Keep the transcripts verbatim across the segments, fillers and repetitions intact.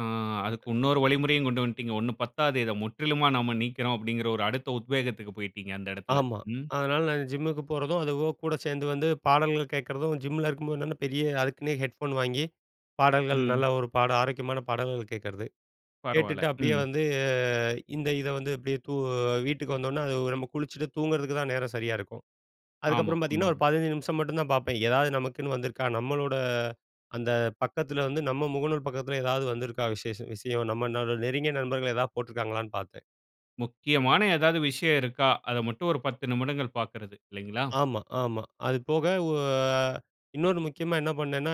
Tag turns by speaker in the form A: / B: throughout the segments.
A: ஆ அதுக்கு இன்னொரு வழிமுறையும் கொண்டு வந்துட்டீங்க. ஒண்ணு பத்தாது. இதை முற்றிலுமா நம்ம நீக்குறோம் அப்டின்கிற ஒரு அடுத்த உத்வேகத்துக்கு போய்ட்டீங்க அந்த இடத்தில.
B: ஆமா.
A: ம்.
B: அதனால நான் ஜிம்முக்கு போறதும், அதுவும் கூட சேர்ந்து வந்து பாடல்கள் கேட்கிறதும், ஜிம்மில இருக்கும்போது பெரிய அதுக்குன்னே ஹெட்ஃபோன் வாங்கி, பாடல்கள்
A: ம்.
B: நல்ல ஒரு பாடல் ஆரோக்கியமான பாடல்கள் கேட்கிறது,
A: பரவால.
B: கேட்டுட்டு அப்படியே
A: ம்.
B: வந்து இந்த இதை வந்து அப்டியே தூ வீட்டுக்கு வந்தோன்னே, அது நம்ம குளிச்சிட்டு தூங்குறதுக்கு தான் நேரம் சரியா இருக்கும்.
A: ஆமா,
B: அதுக்கப்புறம் பார்த்தீங்கன்னா ஒரு
A: உண்மதான்.
B: பதினஞ்சு நிமிஷம் மட்டும் தான் பார்ப்பேன். எதாவது நமக்குன்னு வந்திருக்கா? நம்மளோட அந்த பக்கத்தில வந்து நம்ம முகநூல் பக்கத்தில ஏதாவது வந்திருக்கா? விசேஷம் விஷயம் நம்ம நெருங்கிய நண்பர்கள் ஏதாவது போட்டிருக்காங்களான்னு பார்ப்பேன்.
A: முக்கியமான ஏதாவது விஷயம் இருக்கா? அதை மட்டும் ஒரு பத்து நிமிடங்கள் பார்க்கிறது இல்லைங்களா?
B: ஆமா ஆமா. அது போக ஓ ஆ இன்னொரு முக்கியமா என்ன பண்ணேன்னா,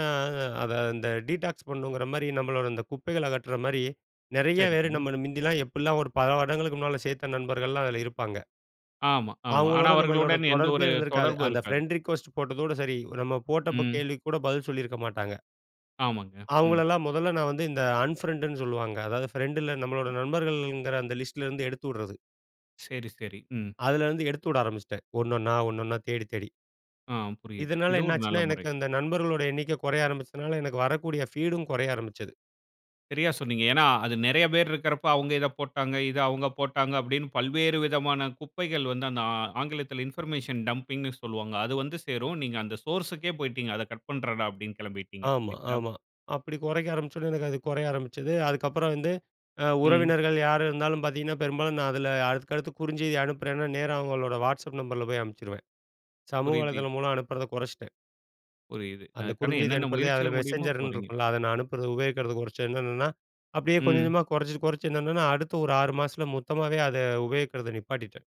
B: அதை அந்த டீடாக்ஸ் பண்ணணுங்கிற மாரி நம்மளோட அந்த குப்பைகள அகற்ற மாரி நெறைய பேரு
A: சரிங்க.
B: நம்மள மிந்தில்லாம் எப்டிலாம் ஒரு பல வருடங்களுக்கு முன்னாடி சேர்த்த நண்பர்கள்லாம் அதில இருப்பாங்க.
A: ஆமா ஆமா. ஆனா
B: அவுங்களோட நம்மளோட
A: அவர்களுடன் எந்த
B: தொடர்பே
A: ஒரு
B: இருந்திருக்காது.
A: தொடர்பும்
B: அந்த
A: இருக்காது.
B: பிரெண்ட் ரிக்வெஸ்ட் போட்டதோட சரி. நம்ம போட்ட
A: ம்.
B: கேள்விக்கு கூட பதில் சொல்லியிருக்க மாட்டாங்க.
A: ஆமாங்க. ம்.
B: அவுங்களல்லாம் முதல்ல நான் வந்து இந்த அன் பிரெண்ட்ன்னு சொல்லுவாங்க. அதாவது பிரெண்ட்ன்னா நம்மளோட நண்பர்கள்ங்கிற அந்த லிஸ்ட்ல இருந்து எடுத்து விட்றது.
A: சரி, சரி. ம்.
B: அதுல இருந்து எடுத்து விட ஆரம்பிச்சிட்டேன். ஒண்ணொண்ணா ஒண்ணொண்ணா தேடி தேடி.
A: ஆ புரியுது.
B: இதனால
A: இது
B: என்ன
A: ஒரு நல்ல
B: ஆச்சுன்னா,
A: முறை.
B: எனக்கு அந்த நண்பர்களோட எண்ணிக்கை குறைய ஆரம்பிச்சதுனால, எனக்கு வரக்கூடிய பீடும் குறைய ஆரம்பிச்சது.
A: சரியா சொன்னீங்க. ஏன்னா அது நெறைய பேர் இருக்றப்போ அவுங்க இத போட்டாங்க. இத அவுங்க போட்டாங்க அப்டின்னு பல்வேறு விதமான குப்பைகள் வந்து அந்த ஆங்கிலத்தில இன்பர்மேஷன் டம்பிங்ன்னு சொல்வாங்க. அது வந்து சேரும். நீங்க அந்த சோர்ஸ்க்கு போய்ட்டீங்க அத கட் பண்றேன்டா அப்டின்னு கெளம்பிட்டீங்க.
B: ஆமா
A: இல்லைங்களா.
B: ஆமா. அப்டி குறைக்க ஆரம்பிச்ச உடனே எனக்கு அது குறைய ஆரம்பிச்சது. அதுக்கப்புறம் வந்து
A: ம்.
B: உறவினர்கள் யாரு இருந்தாலும் பார்த்தீங்கன்னா, பெரும்பாலும் நான் அதில அடுத்துக்கடுத்து குறுஞ்செய்தி அனுப்புறேன்னா, நேரா அவுங்களோட Whatsapp நம்பர்ல போய் அனுப்பிச்சிருவேன். சமூக
A: புரியுது.
B: வலைதளம் மூலம் அனுப்புறத குறைச்சிட்டேன்.
A: புரியுது.
B: அந்த
A: அதுக்கான
B: குறுஞ்செய்தி
A: என்னென்ன
B: அனுப்புறதே அதில
A: முயற்சிகள் முடியுமோ
B: மெசெஞ்சர்னு
A: போறீங்க.
B: இருக்கும்ல, அத நான் அனுப்புறது உபயோகிக்கிறது குறைச்சேன் என்னென்னன்னா அப்டியே கொஞ்சம்
A: ம்.
B: கொஞ்சமா குறைச்சி குறைச்சி என்னென்னன்னா அடுத்த ஒரு ஆறு மாசத்தில மொத்தமாவே அதை உபயோகிக்கிறத நிப்பாட்டிட்டேன்.